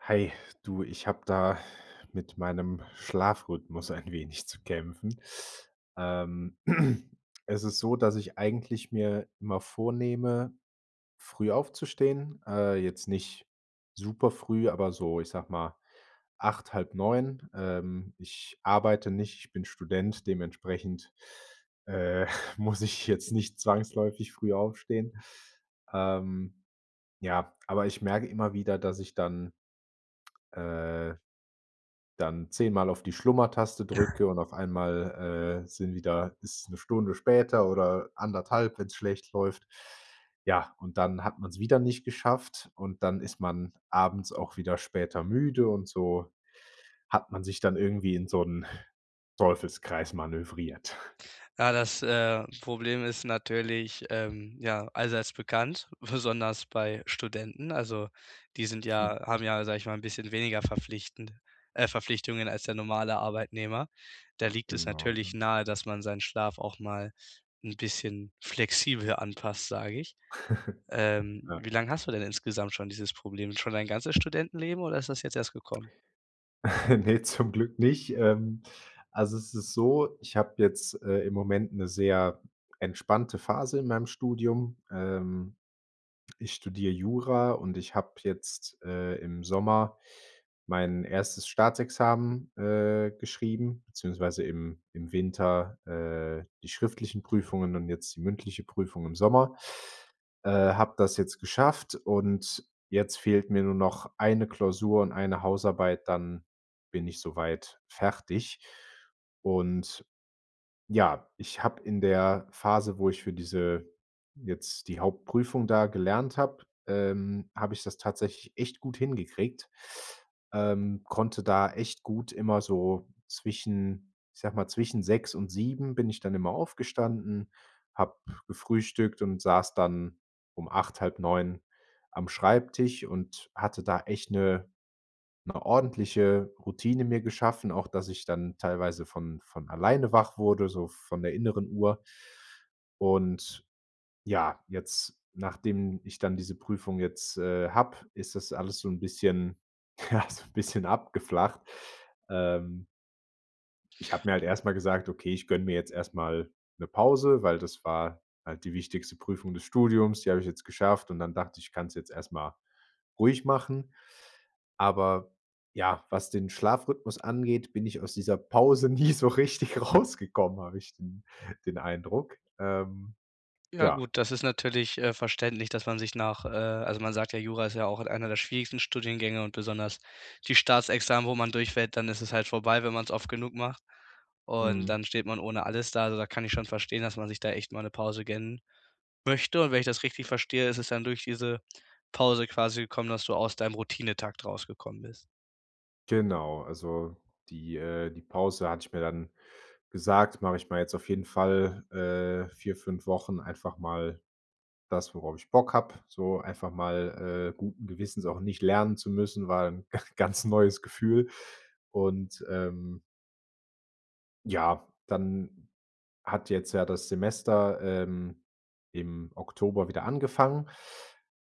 Hey, du, ich habe da mit meinem Schlafrhythmus ein wenig zu kämpfen. Ähm, es ist so, dass ich eigentlich mir immer vornehme, früh aufzustehen, äh, jetzt nicht superfrüh, aber so, ich sage mal, 8, halb 9. Ähm, ich arbeite nicht, ich bin Student, dementsprechend, äh, muss ich jetzt nicht zwangsläufig früh aufstehen. Ähm, ja, aber ich merke immer wieder, dass ich dann äh, dann 10 Mal auf die Schlummertaste drücke und auf einmal, äh, sind wieder ist 'ne Stunde später oder 1,5, wenn's schlecht läuft. Ja, und dann hat man's wieder nicht geschafft, und dann ist man abends auch wieder später müde und so hat man sich dann irgendwie in so 'n Teufelskreis manövriert. Ja, das, äh, Problem ist natürlich, ähm, ja, allseits bekannt, besonders bei Studenten, also, die sind ja haben ja, sage ich mal, 'n bisschen weniger verpflichtend, äh Verpflichtungen als der normale Arbeitnehmer. Da liegt es Genau, natürlich ja. nahe, dass man seinen Schlaf auch mal 'n bisschen flexibel anpasst, sage ich. Ähm, ja. wie lang hast du denn insgesamt schon dieses Problem? Schon dein ganzes Studentenleben, oder ist das jetzt erst gekommen? Ne, zum Glück nicht, ähm. Also, es ist so, ich habe jetzt, äh, im Moment 'ne sehr entspannte Phase in meinem Studium. Ähm, ich studiere Jura, und ich habe jetzt, äh, im Sommer mein 1. Staatsexamen, äh, geschrieben, beziehungsweise im im Winter, äh, die schriftlichen Prüfungen und jetzt die mündliche Prüfung im Sommer. Äh, habe das jetzt geschafft, und jetzt fehlt mir nur noch 1 Klausur und 1 Hausarbeit, dann bin ich so weit fertig. Und, ja, ich habe in der Phase, wo ich für diese jetzt die Hauptprüfung da gelernt habe, ähm, habe ich das tatsächlich echt gut hingekriegt. Ähm, konnte da echt gut immer so zwischen, ich sage mal zwischen 6 und 7 bin ich dann immer aufgestanden, habe gefrühstückt und saß dann um 8, halb 9 am Schreibtisch und hatte da echt 'ne 'ne ordentliche Routine mir geschaffen, auch dass ich dann teilweise von von alleine wach wurde, so von der inneren Uhr. Und, ja, jetzt, nachdem ich dann diese Prüfung jetzt, äh, habe, ist das alles so 'n bisschen, ja, so 'n bisschen abgeflacht. Ähm ich hab mir halt erst mal gesagt: „Okay, ich gönne mir jetzt erst mal 'ne Pause”, weil das war halt die wichtigste Prüfung des Studiums. Die habe ich jetzt geschafft und dann dachte ich: „Ich kann's jetzt erst mal ruhig machen." Aber, ja, was den Schlafrhythmus angeht, bin ich aus dieser Pause nie so richtig rausgekommen, habe ich den den Eindruck. Ähm, Ja ja. gut, das ist natürlich, äh, verständlich, dass man sich nach, äh also man sagt ja, Jura ist ja auch einer der schwierigsten Studiengänge und besonders die Staatsexamen, wo man durchfällt, dann ist es halt vorbei, wenn man's oft genug macht und Mhm. dann steht man ohne alles da. Also, da kann ich schon verstehen, dass man sich da echt mal 'ne Pause gönnen möchte und wenn ich das richtig verstehe, ist es dann durch diese Pause quasi gekommen, dass du aus deinem Routinetakt rausgekommen bist? Genau, also die, äh, die Pause hatte ich mir dann gesagt mache ich mal jetzt auf jeden Fall, äh, 4, 5 Wochen einfach mal das, worauf ich Bock habe, so einfach mal, äh, guten Gewissens auch nicht lernen zu müssen, war 'n ganz neues Gefühl, und, ähm ja, dann hat jetzt ja das Semester, ähm, im Oktober wieder angefangen,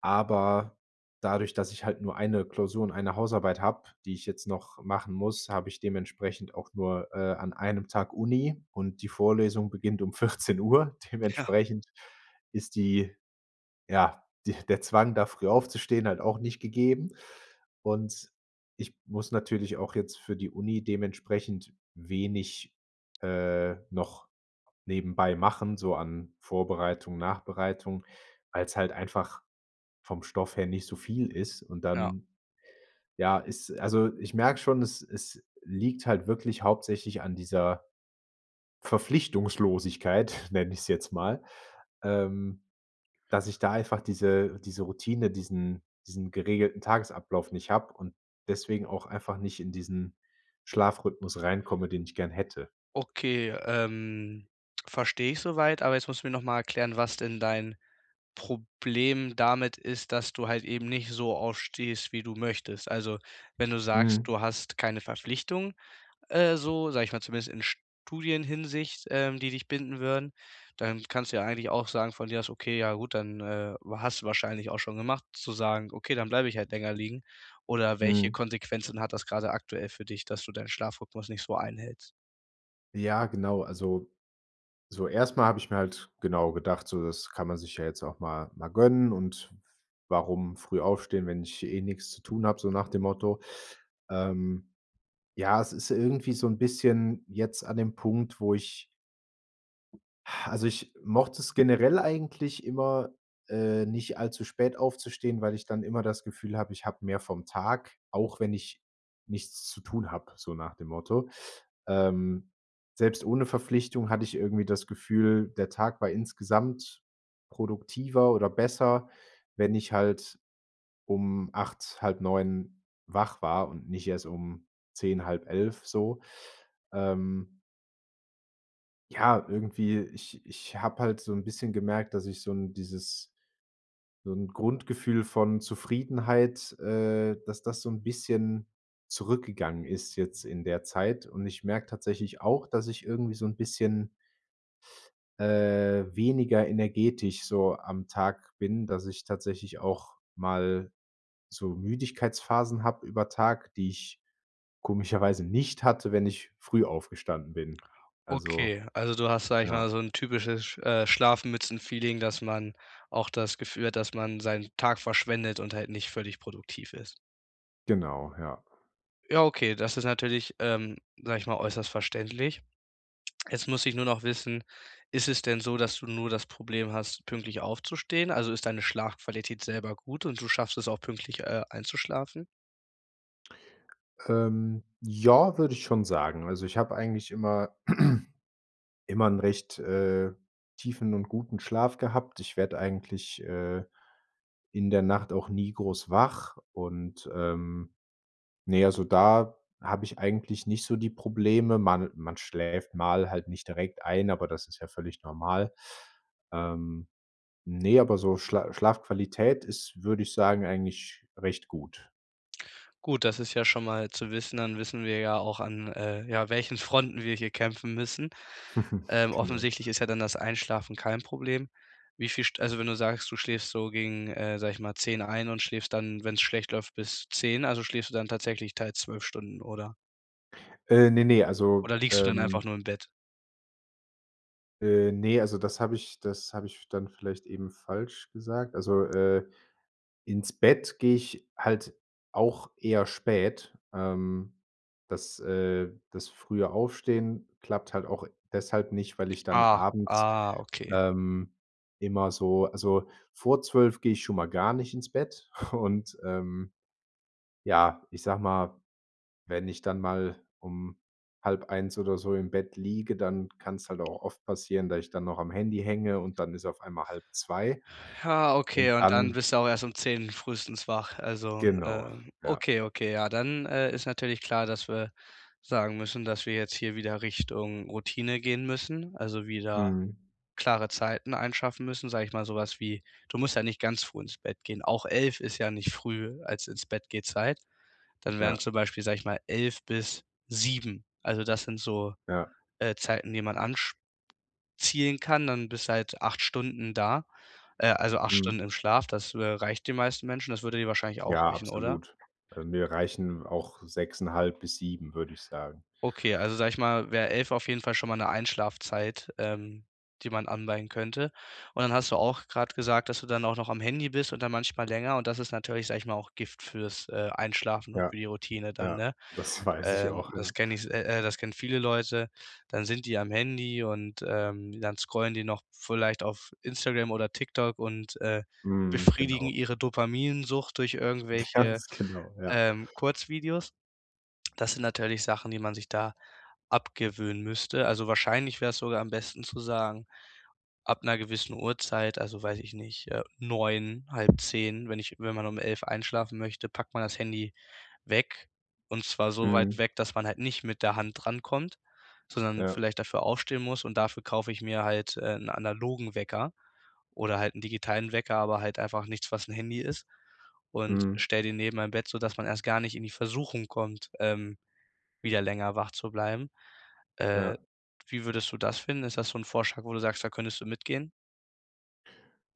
aber dadurch, dass ich halt nur 1 Klausur und 1 Hausarbeit habe, die ich jetzt noch machen muss, habe ich dementsprechend auch nur, äh, an 1 Tag Uni, und die Vorlesung beginnt um 14:00. Ja. Dementsprechend ist die, ja, die der Zwang, da früh aufzustehen, halt auch nicht gegeben. Und, ich muss natürlich auch jetzt für die Uni dementsprechend wenig, äh, noch nebenbei machen so an Vorbereitung, Nachbereitung, weil's halt einfach vom Stoff her nicht so viel ist. Und Ja. dann, ja, ist also, ich merke schon, es es liegt halt wirklich hauptsächlich an dieser Verpflichtungslosigkeit, nenne ich es jetzt mal, ähm, dass ich da einfach diese diese Routine, diesen diesen geregelten Tagesablauf nicht habe und deswegen auch einfach nicht in diesen Schlafrhythmus reinkomme, den ich gern hätte. Okay, ähm, verstehe ich soweit, aber jetzt musst du mir noch mal erklären, was denn dein Problem damit ist, dass du halt eben nicht so aufstehst, wie du möchtest. Also, wenn du sagst, Mhm. du hast keine Verpflichtung, äh, so, sage ich mal, zumindest in Studienhinsicht, ähm, die dich binden würden, dann kannst du ja eigentlich auch sagen von dir aus, okay, ja gut, dann, äh hast du wahrscheinlich auch schon gemacht, zu sagen: „Okay, dann bleibe ich halt länger liegen”, oder welche Mhm. Konsequenzen hat das gerade aktuell für dich, dass du deinen Schlafrhythmus nicht so einhältst? Ja, genau, also so erst mal habe ich mir halt genau gedacht, so, das kann man sich ja jetzt auch mal mal gönnen und warum früh aufstehen, wenn ich eh nix zu tun habe, so nach dem Motto. Ähm, ja, es ist irgendwie so 'n bisschen jetzt an dem Punkt, wo ich also, ich mochte es generell eigentlich immer, äh, nicht allzu spät aufzustehen, weil ich dann immer das Gefühl habe, ich habe mehr vom Tag, auch wenn ich nichts zu tun habe, so nach dem Motto. Ähm, selbst ohne Verpflichtung hatte ich irgendwie das Gefühl, der Tag war insgesamt produktiver oder besser, wenn ich halt um 08:00, 08:30 wach war und nicht erst um 10:00, 10:30 so, ähm. Ja, irgendwie, ich ich habe halt so 'n bisschen gemerkt, dass ich so 'n dieses so 'n Grundgefühl von Zufriedenheit, äh, dass das so 'n bisschen zurückgegangen ist jetzt in der Zeit und ich merke tatsächlich auch, dass ich irgendwie so 'n bisschen äh, weniger energetisch so am Tag bin, dass ich tatsächlich auch mal so Müdigkeitsphasen habe über Tag, die ich komischerweise nicht hatte, wenn ich früh aufgestanden bin. Also, Okay, also du hast, sage ich mal, ja. so 'n typisches äh, Schlafmützen-Feeling, dass man auch das Gefühl hat, dass man seinen Tag verschwendet und halt nicht völlig produktiv ist. Genau, ja. Ja, okay, das ist natürlich, ähm, sage ich mal, äußerst verständlich. Jetzt muss ich nur noch wissen: Ist es denn so, dass du nur das Problem hast, pünktlich aufzustehen? Also, ist deine Schlafqualität selber gut und du schaffst es auch, pünktlich, äh, einzuschlafen? Ähm, ja, würde ich schon sagen, also ich habe eigentlich immer immer 'n recht, äh, tiefen und guten Schlaf gehabt, ich werde eigentlich, äh, in der Nacht auch nie groß wach und, ähm, ne, also da habe ich eigentlich nicht so die Probleme. Man man schläft halt mal nicht direkt ein, aber das ist ja völlig normal. Ähm, ne, aber so Schla Schlafqualität ist, würde ich sagen, eigentlich recht gut. Gut, das ist ja schon mal zu wissen, dann wissen wir ja auch, an, äh, ja, welchen Fronten wir hier kämpfen müssen. Ähm, Genau. offensichtlich ist ja dann das Einschlafen kein Problem. Wie viel St also, wenn du sagst, du schläfst so gegen, äh, sage ich mal, 10:00 ein und schläfst dann, wenn's schlecht läuft, bis 10:00, also schläfst du dann tatsächlich teils 12 Stunden, oder? Äh, ne, ne, also, Oder liegst du dann einfach ähm... nur im Bett? Äh, ne, also das habe ich das habe ich dann vielleicht eben falsch gesagt. Also, äh, ins Bett gehe ich halt auch eher spät. Ähm, das, äh, das frühe Aufstehen klappt halt auch deshalb nicht, weil ich dann Ah abends, ah, okay. ähm, immer so also vor 12:00 gehe ich schon mal gar nicht ins Bett und ähm, ja, ich sage mal, wenn ich dann mal um 00:30 oder so im Bett liege, dann kann's halt auch oft passieren, da ich dann noch am Handy hänge und dann ist auf einmal 1:30 Ja, okay, und und dann dann bist du auch erst um 10:00 frühestens wach. Also, Genau, ähm, ja. okay, okay, ja, dann, äh, ist natürlich klar, dass wir sagen müssen, dass wir jetzt hier wieder Richtung Routine gehen müssen, also wieder Mhm. klare Zeiten schaffen müssen, sage ich mal, so was wie du musst ja nicht ganz früh ins Bett gehen, auch 11:00 ist ja nicht früh als Ins-Bett-Geh-Zeit, dann wären Ja. zum Beispiel, sage ich mal, 11:00 bis 7:00. Also das sind so, Ja. äh, Zeiten, die man ansch zielen kann, dann bist du halt 8 Stunden da, äh, also 8 Stunden Mhm. im Schlaf, das, äh, reicht den meisten Menschen. Das würde dir wahrscheinlich auch Ja, reichen, oder? absolut. Mir reichen auch 6,5 bis 7, würde ich sagen. Okay, also sage ich mal, wär 11:00 auf jeden Fall schon mal 'ne Einschlafzeit, ähm, die man anpeilen könnte. Und dann hast du auch grad gesagt, dass du dann auch noch am Handy bist und dann manchmal länger und das ist natürlich- sage ich mal- auch Gift fürs, äh, Einschlafen und Ja. für die Routine dann, Ja, ne? das weiß ich Ähm, auch, das ja. kenn ich se äh, äh, das kennen viele Leute. Dann sind die am Handy und, ähm, dann scrollen die noch vielleicht auf Instagram oder TikTok und, äh, Mhm, befriedigen genau. ihre Dopaminsucht durch irgendwelche, ganz genau, ja. ähm, Kurzvideos. Das sind natürlich Sachen, die man sich da abgewöhnen müsste, also wahrscheinlich wär's sogar am besten zu sagen, ab 'ner gewissen Uhrzeit also, weiß ich nicht, äh, 9:00, 09:30, wenn ich wenn man um 11:00 einschlafen möchte, packt man das Handy weg und zwar so weit Mhm. weg, dass man halt nicht mit der Hand drankommt, sondern Ja. vielleicht dafür aufstehen muss und dafür kaufe ich mir halt äh, 'n analogen Wecker oder halt 'n digitalen Wecker, aber halt einfach nichts, was 'n Handy ist und Mhm. stelle den neben mein Bett, sodass man erst gar nicht in die Versuchung kommt, ähm, wieder länger wach zu bleiben. Äh, Ja. wie würdest du das finden? Ist das so 'n Vorschlag, wo du sagst, da könntest du mitgehen?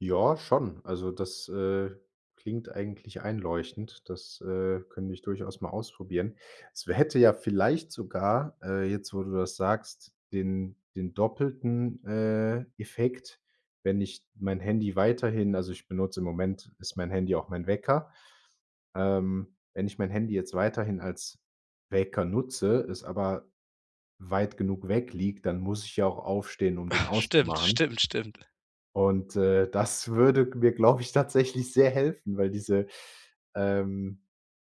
Ja, schon. Also das, äh, klingt eigentlich einleuchtend, das, äh, könnte ich durchaus mal ausprobieren. Es wär hätte ja vielleicht sogar, äh,- jetzt, wo du das sagst- den den doppelten, äh, Effekt, wenn ich mein Handy weiterhin also ich benutze im Moment ist mein Handy auch mein Wecker. Ähm, wenn ich mein Handy jetzt weiterhin als Wecker nutze, es aber weit genug weg liegt, dann muss ich ja auch aufstehen, um den Stimmt, auszumachen. stimmt, stimmt. Und, äh, das würde g mir, glaube ich, tatsächlich sehr helfen, weil diese, ähm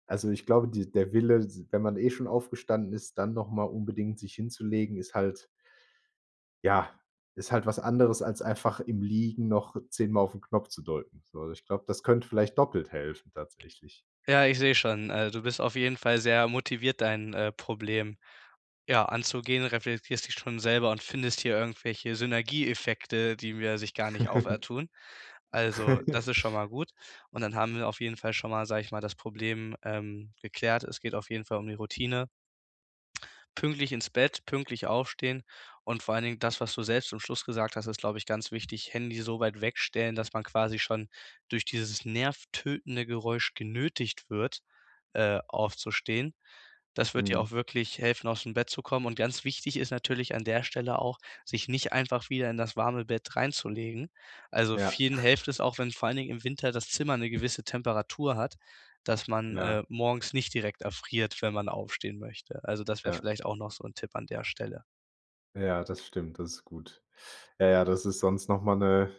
also ich glaube, die der Wille, s wenn man eh schon aufgestanden ist, dann noch mal unbedingt sich hinzulegen, ist halt ja, ist halt was anderes als einfach im Liegen noch 10 mal auf 'n Knopf zu drücken. So, also ich glaube, das könnte vielleicht doppelt helfen tatsächlich. Ja, ich sehe schon, äh, du bist auf jeden Fall sehr motiviert, dein, äh, Problem, ja, anzugehen, reflektierst dich schon selber und findest hier irgendwelche Synergieeffekte, die mir sich gar nicht auftun. Also, das ist schon mal gut und dann haben wir auf jeden Fall schon mal sage ich mal, das Problem, ähm, geklärt. Es geht auf jeden Fall um die Routine. Pünktlich ins Bett, pünktlich aufstehen und vor allen Dingen, das, was du selbst zum Schluss gesagt hast, ist, glaube ich, ganz wichtig: Handy so weit wegstellen, dass man quasi schon durch dieses nervtötende Geräusch genötigt wird, äh, aufzustehen. Das wird dir auch Mhm. wirklich helfen, ausm Bett zu kommen und ganz wichtig ist natürlich an der Stelle auch, sich nicht einfach wieder in das warme Bett reinzulegen. Also Ja. vielen helft es auch, wenn vor allen Dingen im Winter das Zimmer 'ne gewisse Temperatur hat, dass man, Ja. äh, morgens nicht direkt erfriert, wenn man aufstehen möchte. Also, das wäre Ja. vielleicht auch noch so 'n Tipp an der Stelle. Ja, das stimmt, das ist gut. Ja, ja, das ist sonst noch mal 'ne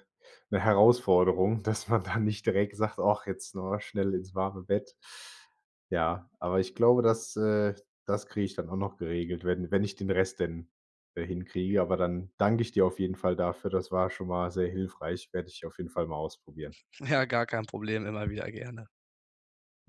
'ne Herausforderung, dass man da nicht direkt sagt: „Och, jetzt schnell ins warme Bett." Ja, aber ich glaube, das, äh, das kriege ich dann auch noch geregelt, wenn wenn ich den Rest denn, äh, hinkriege, aber dann dank ich dir auf jeden Fall dafür. Das war schon mal sehr hilfreich. Werde ich auf jeden Fall mal ausprobieren. Ja, gar kein Problem, immer wieder gerne.